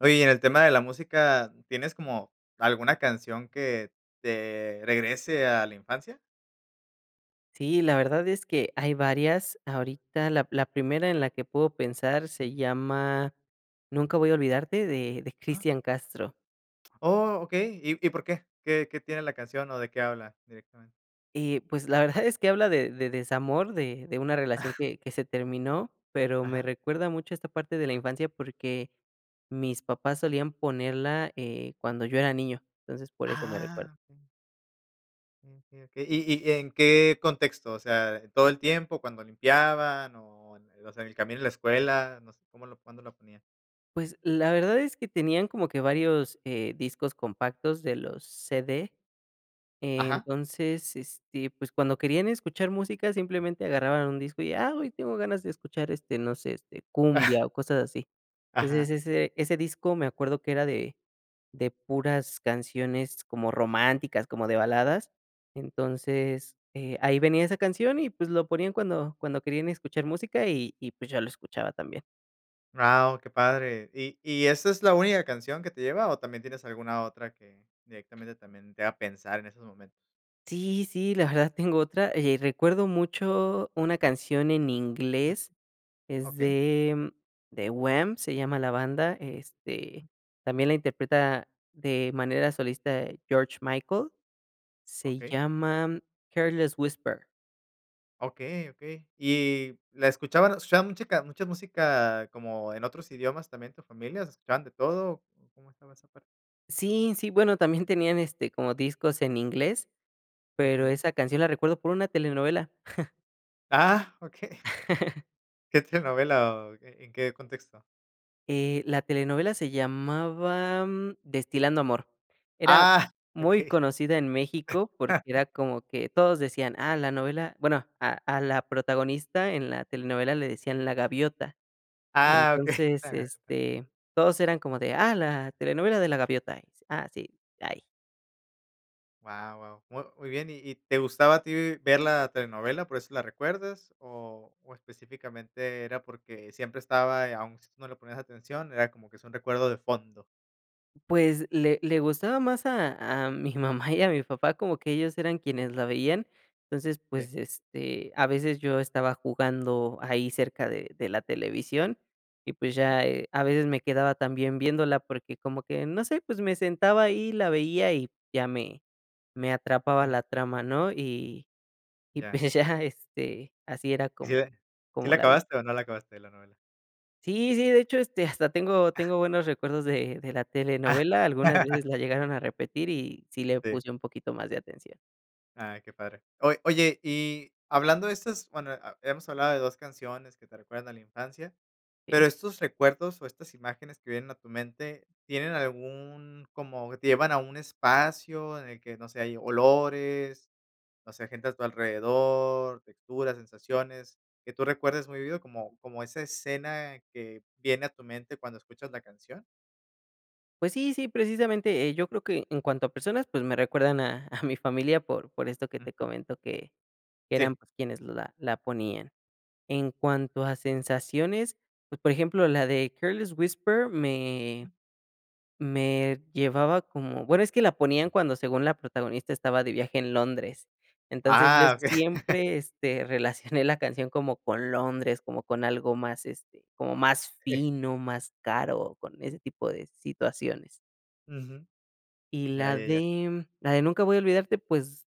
Oye, y en el tema de la música, ¿tienes como, alguna canción que te regrese a la infancia? Sí, la verdad es que hay varias. Ahorita, la la primera en la que puedo pensar se Ujú. llama Nunca Voy a Olvidarte de de Ah. Cristian Castro. Oh, okey. ¿Y y por qué? ¿Qué qué tiene la canción o de qué habla directamente? Y, pues la verdad es que habla de de desamor, de de una relación que que se terminó, pero me Ajá. recuerda mucho esta parte de la infancia porque mis papás solían ponerla, eh, cuando yo era niño. Entonces, por eso me recuerdo. Ah, m Okey, okey, ¿y y en qué contexto? O sea, ¿todo el tiempo, cuando limpiaban o en o sea, en el camino de la escuela, no sé, cómo lo cuándo lo ponían? Pues, la verdad es que tenían como que varios, eh, discos compactos de los CD. Eh, Ajá. entonces, este, pues cuando querían escuchar música, simplemente agarraban un disco y, ah, hoy tengo ganas de escuchar este, no sé, este cumbia o cosas así. Ajá. Entonces ese ese disco, me acuerdo que era de de puras canciones como románticas, como de baladas. Entonces, eh, ahí venía esa canción y pues lo ponían cuando cuando querían escuchar música y y pues yo lo escuchaba también. Guau, qué padre. ¿Y y esa es la única canción que te lleva, o, también tienes alguna otra que directamente también te haga pensar en esos momentos? Sí, sí, la verdad tengo otra, eh, recuerdo mucho una canción en Ujú. inglés, es okey. de The Wham, se llama la banda, este, también la interpreta de manera solista George Michael, se Okey. llama Careless Whisper. Okey, okey. Y la escuchaban escuchaba musica mucha música, como en otros idiomas también, tu familia, escuchaban de todo. ¿Cómo estaba esa parte? Sí, sí, bueno, también tenían este como discos en inglés, pero Ujú. esa canción la recuerdo por una telenovela. Ah, okey. ¿Qué telenovela, o, en qué contexto? Eh, la telenovela se llamaba Destilando Amor, era ¡Ah! muy Okey. conocida en México, porque era como que todos decían, ah, la novela, bueno, a a la protagonista en la telenovela le decían la gaviota. Ah, okey. Entonces, este, todos eran como de, ah, la telenovela de la gaviota. Ah, sí, ahí. Guau, guau, mu muy bien. ¿Y y te gustaba a ti ver la telenovela?, ¿por eso la recuerdas? ¿O o específicamente era porque siempre estaba, aún si tú no le ponías atención, era como que es un recuerdo de fondo? Pues le le gustaba más a a mi mamá y a mi papá, como que ellos eran quienes la veían, entonces, Sí. pues, este, a veces yo estaba jugando ahí cerca de de la televisión y, pues, Ujú. ya, eh, a veces me quedaba también viéndola porque, como que, no sé, pues me sentaba ahí, la veía y ya me me atrapaba Mm. la trama, ¿no? Y y Ya. pues ya, este, así era Y si como de ¿sí como la la vi. acabaste o no la acabaste, la novela? Sí, sí, de hecho, este, hasta tengo Ah. tengo buenos recuerdos de de la Ah. telenovela, algunas veces la llegaron a repetir y sí le Sí. puse un poquito más de atención. Ah, qué padre. Oy oye, y hablando de estas, bueno, a hemos hablado de 2 canciones que te recuerdan a la infancia, Sí. pero estos recuerdos o estas imágenes que vienen a tu mente, tienen algún como te llevan a un espacio en el que, no sé, hay olores, no sé, gente a tu alrededor, texturas, sensaciones, que tú recuerdes muy vívido, ¿como como esa escena que viene a tu mente cuando escuchas la canción? Pues sí, sí, precisamente, eh, yo creo que en cuanto a personas, pues me recuerdan a a mi familia, por por esto que te Ujú. comento, que que eran, Sí. pues, quienes la la ponían. En cuanto a sensaciones, pues, por ejemplo, la de Careless Whisper me me llevaba como bueno, es que la ponían cuando, según la protagonista, estaba de viaje en Londres. Entonces, yo Ah, okey. siempre, este, relacioné la canción como con Londres, como con algo más, este, como más Sí. fino, más caro, con ese tipo de situaciones. Ujú, Y ya, la ya, ya. de la de Nunca Voy a Olvidarte, pues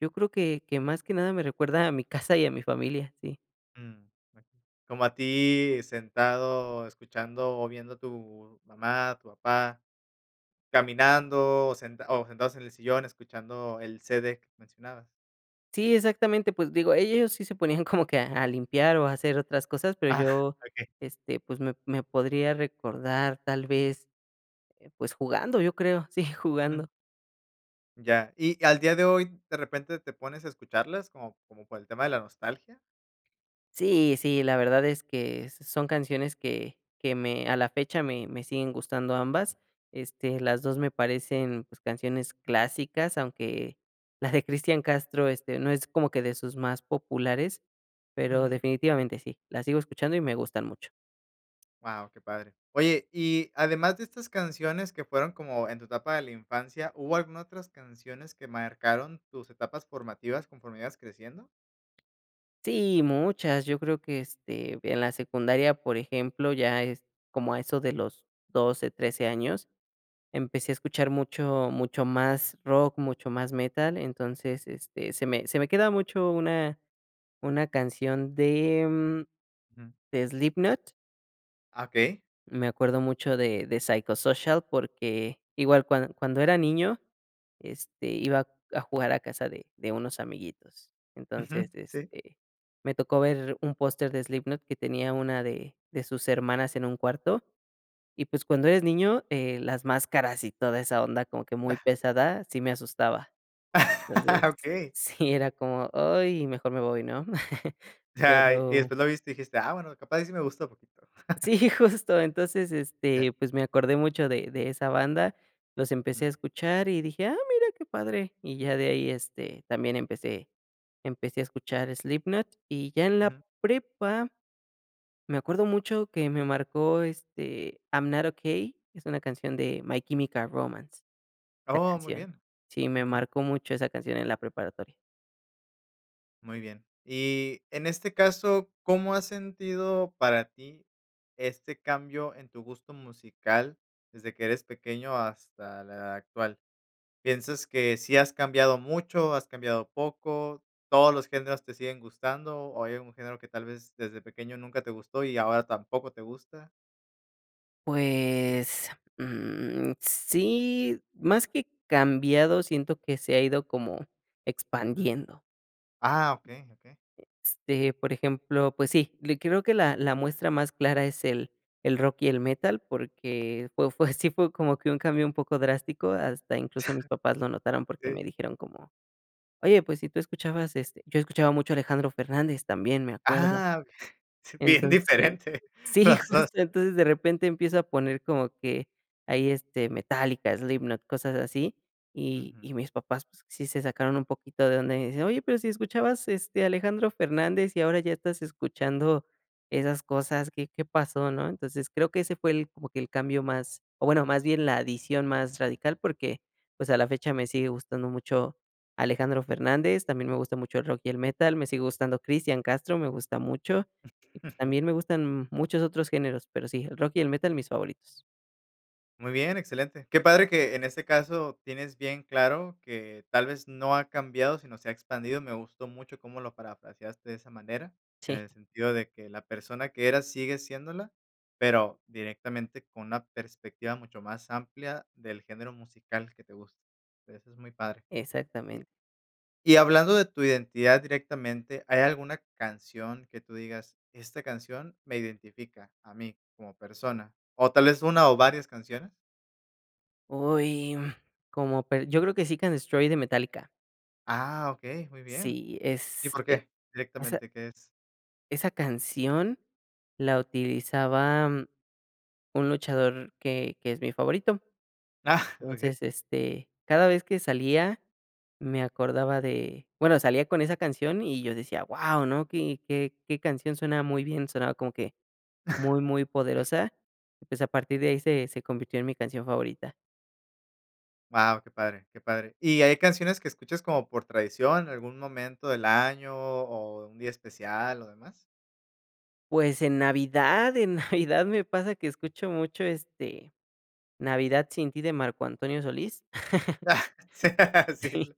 Yo creo que que más que nada me recuerda a mi casa, y a mi familia. Sí. Mm, okey. Como a ti, sentado, escuchando, o, viendo a tu mamá, a tu papá, caminando, o, sen o, sentados en el sillón, escuchando el CD mencionabas. Sí, exactamente, pues digo, ellos sí se ponían como que a a limpiar, o, a hacer otras cosas, pero Ah, yo, okey. este, pues, me me podría recordar tal vez, eh, pues, jugando, yo creo, sí, Mm. jugando. Ya. ¿Y al día de hoy de repente te pones a escucharlas como como por el tema de la nostalgia? Sí, sí, la verdad es que son canciones que que me a la fecha, me me siguen gustando ambas. Este, las 2 me parecen, pues, canciones clásicas, aunque la de Cristian Castro, este, no es como que de sus más populares, pero Ujú.. definitivamente sí. La sigo escuchando, y me gustan mucho. Guau, qué padre. Oye, y además de estas canciones que fueron como en tu etapa de la infancia, ¿hubo alguna otras canciones que marcaron tus etapas formativas conforme ibas creciendo? Sí, muchas, yo creo que, este, en la secundaria, por ejemplo, ya es como a eso de los 12, 13 años. Empecé a escuchar mucho mucho más rock, mucho más metal, entonces, este, se me se me queda mucho una una canción de mm, Ujú. de Slipknot. Okey. Me acuerdo mucho de de Psychosocial, porque igual cuan cuando era niño, este, iba a jugar a casa de de unos amiguitos. Ujú, Entonces, sí. este, me tocó ver un póster de Slipknot que tenía una de de sus hermanas en un cuarto. Y pues, cuando eres niño, eh, las máscaras, y toda esa onda como que muy Ah. pesada, sí me asustaba. Entonces, Okey. sí era como: "Ay mejor me voy", ¿no? Ay, y Pero después lo viste, y dijiste: "Ah, bueno, capaz, y sí me gusta un poquito". Sí, justo, entonces, Ya. este, pues, me acordé mucho de de esa banda, los empecé Ujú. a escuchar, y dije: "Ah, mira qué padre", y ya de ahí, este, también empecé empecé a escuchar Slipknot. Y ya en la Ujú. prepa, me acuerdo mucho que me marcó este, I'm Not Okey, es una canción de My Chemical Romance, esa Oh, muy canción. bien, Sí, me ujú. marcó mucho esa canción en la preparatoria. Muy bien. Y, en este caso, ¿cómo has sentido para ti este cambio en tu gusto musical desde que eres pequeño hasta la actual? ¿Piensas que sí has cambiado mucho, has cambiado poco, todos los géneros te siguen gustando, o hay algún género que tal vez desde pequeño nunca te gustó y ahora tampoco te gusta? Pues, mm, sí, más que cambiado siento que se ha ido como Ujú. expandiendo. Ah, okey, okey. Este, por ejemplo, pues sí, le creo que la la muestra más clara es el el rock y el metal. Porque fue fue así fue como que un cambio un poco drástico, hasta incluso, mis papás lo notaron porque, Sí. me dijeron como: "Oye, pues si tú escuchabas", este, yo escuchaba mucho a Alejandro Fernández también, me acuerdo. Ah, sí bien Entonces, diferente sí, los 2. justo entonces de repente empiezo a poner como que ahí, este, Metallica, Slipknot, cosas así. Y Ujú. y mis papás, pues, sí se sacaron un poquito de onda, y dicen: "Oye, pero si escuchabas, este, Alejandro Fernández, y ahora ya estás escuchando esas cosas, ¿qué qué pasó?", ¿no? Entonces, creo que ese fue el como que el cambio más o, bueno, más bien la adición más radical, porque, pues, pues, a la fecha me sigue gustando mucho Alejandro Fernández, también me gusta mucho el rock y el metal, me sigue gustando Cristian Castro, me gusta mucho, y pues, también me gustan muchos otros géneros, pero sí, el rock y el metal, mis favoritos. Muy bien, excelente. Qué padre que en este caso tienes bien claro, que tal vez no ha cambiado, sino se ha expandido. Me gustó mucho cómo lo parafraseaste de esa manera, en Sí. el sentido de que la persona que eras sigue siéndola, pero directamente con una perspectiva mucho más amplia del género musical que te gusta. O sea, eso es muy padre. Exactamente. Y y hablando de tu identidad directamente, ¿hay alguna canción que tú digas, esta canción me identifica a mí como persona?¿ O tal vez una o varias canciones? Uy, mm, como pe yo creo que Seek and Destroy de Metallica. Ah, okey, muy bien, Sí, ¿y es por e qué, esa directamente qué es? esa canción la utilizaba, mm, un luchador que que es mi favorito. Ah, okey. Entonces, este, cada vez que salía me acordaba de, bueno, salía con esa canción y yo decía: "Guau, ¿no?, qué qué qué canción", sonaba muy bien, sonaba como que, muy, muy poderosa, y pues a partir de ahí se se convirtió en mi canción favorita. Guau, qué padre, qué padre, ¿y hay canciones que escuchas como por tradición, algún momento del año, o un día especial o demás? Pues en Navidad, en Navidad me pasa que escucho mucho, este, Navidad sin ti de Marco Antonio Solís. Sí, ah, sí Sí. lo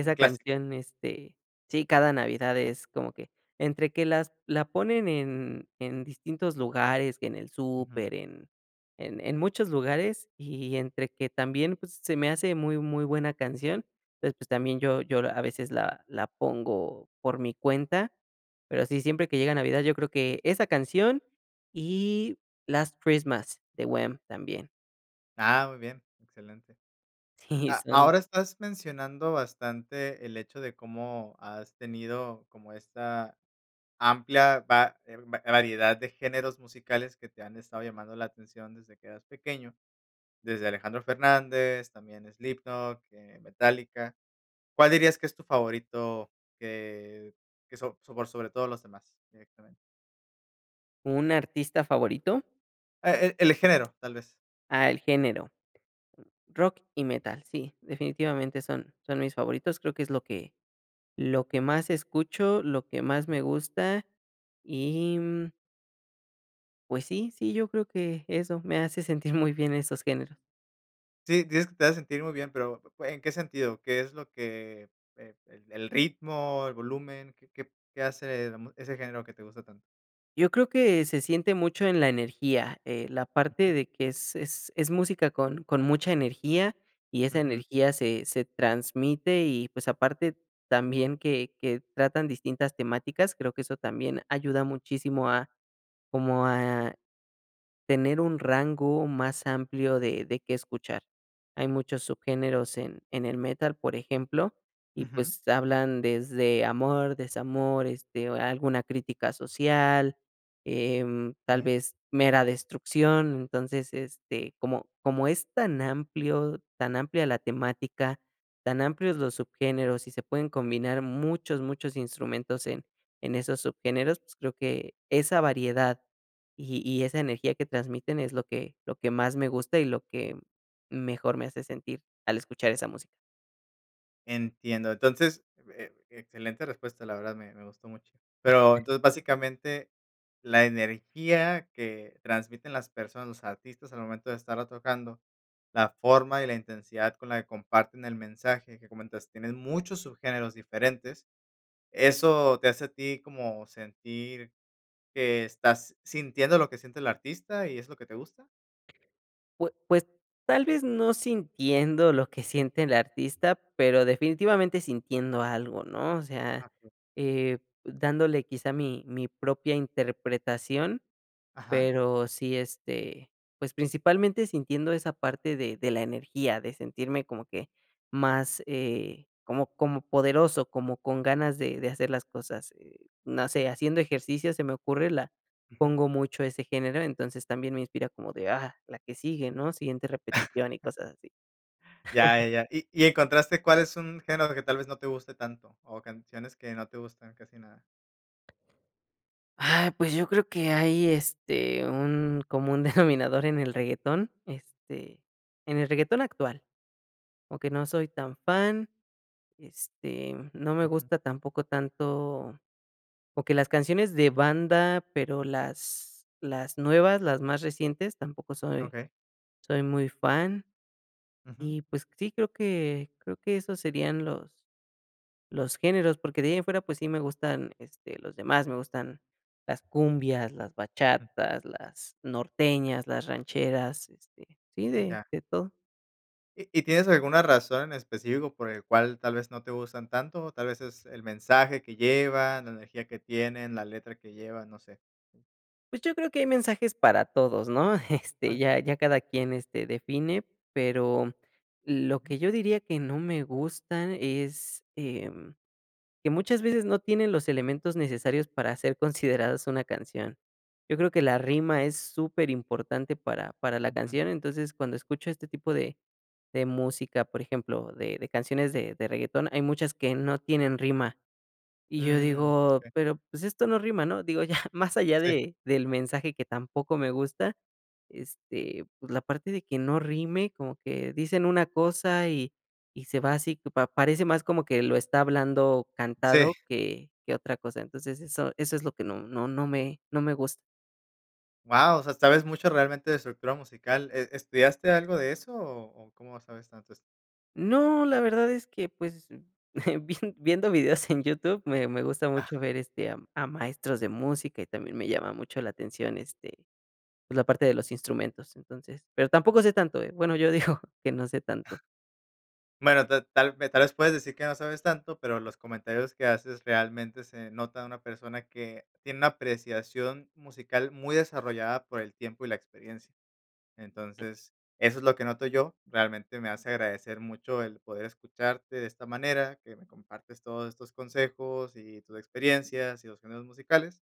un clásico. canción, este, sí, cada Navidad, es como que, entre que las la ponen en en distintos lugares, que en el Ujú. súper, en en en muchos lugares. Y entre que también, pues, s se me hace muy, muy buena canción. Entonces, pues, también yo yo, a veces, la la pongo por mi cuenta, pero sí, siempre que llega Navidad, yo creo que esa canción y Last Christmas de Wham!, también. Ah, muy bien, excelente. Sí, A son ahora estás mencionando bastante el hecho de cómo has tenido como esta amplia va eh, va variedad de géneros musicales que te han estado llamando la atención desde que eras pequeño, desde Alejandro Fernández, también Slipknot, eh, Metallica, ¿cuál dirías que es tu favorito?, que que so por sobre todo los demás. Directamente. ¿Un artista favorito? E el el género, tal vez. Ah, el género. Rock y metal, sí, definitivamente, son son mis favoritos, creo que es, lo que lo que más escucho, lo que más me gusta y, mm Pues sí, sí, yo creo que eso, me hace sentir muy bien esos géneros. Sí, dices que te hace sentir muy bien, pero, p pue ¿en qué sentido? ¿Qué es lo que eh e el el ritmo, el volumen? ¿Qué qué qué hace, eh, la mú ese género que te gusta tanto? Yo creo que se siente mucho en la energía, eh, la parte de que es es es música con con mucha energía y esa Ujú. energía se se transmite y, pues, aparte, también que que tratan distintas temáticas, creo que eso también ayuda muchísimo a, como a tener un rango más amplio de de qué escuchar. Hay muchos subgéneros en en el metal, por ejemplo, y Ujú. pues hablan desde amor, desamor, este, alguna crítica social, em, tal Okey. vez mera destrucción. Entonces, este, como como es tan amplio tan amplia la temática, tan amplios los subgéneros y se pueden combinar muchos, muchos instrumentos en en esos subgéneros, pues creo que esa variedad y y esa energía que transmiten es lo que lo que más me gusta y lo que mejor me hace sentir, al escuchar esa música. Entiendo. Entonces, eh, excelente respuesta, la verdad, me me gustó mucho. Pero, entonces, básicamente, la energía que transmiten las personas, los artistas al momento de estarla tocando, la forma y la intensidad con la que comparten el mensaje que comentas, tienen muchos subgéneros diferentes. ¿Eso te hace a ti como sentir que estás sintiendo lo que siente el artista y es lo que te gusta? Pues pues tal vez no sintiendo lo que siente el artista, pero definitivamente sintiendo algo, ¿no?, o sea, Ah, [unintelligible] eh, dándole quizá mi-mi propia interpretación, Ajá. pero sí, este, pues principalmente sintiendo esa parte de de la energía, de sentirme como que más, eh, como como poderoso, como con ganas de de hacer las cosas, eh, no sé, haciendo ejercicio se me ocurre, la Ujú. pongo mucho ese género, entonces también me inspira como de: "Ah, la que sigue, ¿no?, siguiente repetición", y cosas así. Ya ya ya. Y y, ¿encontraste cuál es un género que tal vez no te guste tanto o canciones que no te gustan casi nada? Ay, pues yo creo que hay, este, un común denominador en el reggaetón, este, en el reggaetón actual, aunque no soy tan fan, este, no me Ujú. gusta tampoco tanto, o que las canciones de banda, pero las las nuevas, las más recientes, tampoco soy Okey. soy muy fan. Ujú. Y pues sí, creo que creo que esos serían los los géneros, porque de ahí en fuera pues sí me gustan este los demás, me gustan las cumbias, las M bachatas, las norteñas, las rancheras, este sí, Mm, de ya. de todo. ¿Y y tienes alguna razón en específico por el cual tal vez no te gustan tanto? Tal vez es el mensaje que llevan, la energía que tienen, la letra que llevan, no sé. Pues yo creo que hay mensajes para todos, ¿no?, este, A que ya ya cada quien este define, pero lo Ujú. que yo diría que no me gusta es, em, que muchas veces no tienen los elementos necesarios para ser considerados una canción. Yo creo que la rima es superimportante para para la Ujú. canción, entonces cuando escucho este tipo de de música, por ejemplo, de de canciones de de reggaetón, hay muchas que no tienen rima. Y yo Mm, digo, e pero, pues, esto no rima, ¿no? Digo, ya más allá Sí. de del mensaje que tampoco me gusta, este, pues, la parte de que no rime, como que dicen una cosa y y se va así, pa parece más como que lo está hablando Sí. cantado que que otra cosa. Entonces, eso eso es lo que no no no me no me gus Wao, o sea, sabes mucho realmente de estructura musical. E e ¿Estudiaste algo de eso, o o, cómo sabes tanto eso? No, la verdad es que, pues, vien viendo videos en YouTube, me me gusta mucho ver este, am, a maestros de música, y también me llama mucho la atención, este, pues, la parte de los instrumentos. Entonces, pero tampoco sé tanto, ¿eh? Bueno, yo digo que no sé tanto. Bueno, tal tal tal vez puedes decir que no sabes tanto, pero los comentarios que haces realmente se nota de una persona que tiene una apreciación musical muy desarrollada por el tiempo, y la experiencia. Entonces, eso es lo que noto yo. Realmente me hace agradecer mucho el poder escucharte de esta manera, que me compartes todos estos consejos, y tus experiencias, y los géneros musicales.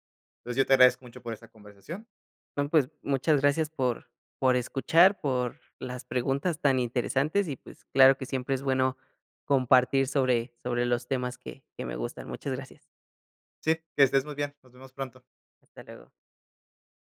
Pues, yo te agradezco mucho por esa conversación. No, pues, muchas gracias por por escuchar, por las preguntas tan interesantes, y pues, claro que siempre es bueno compartir sobre sobre los temas que que me gustan. Muchas gracias. Sí, que estés muy bien. Nos vemos pronto. Hasta luego.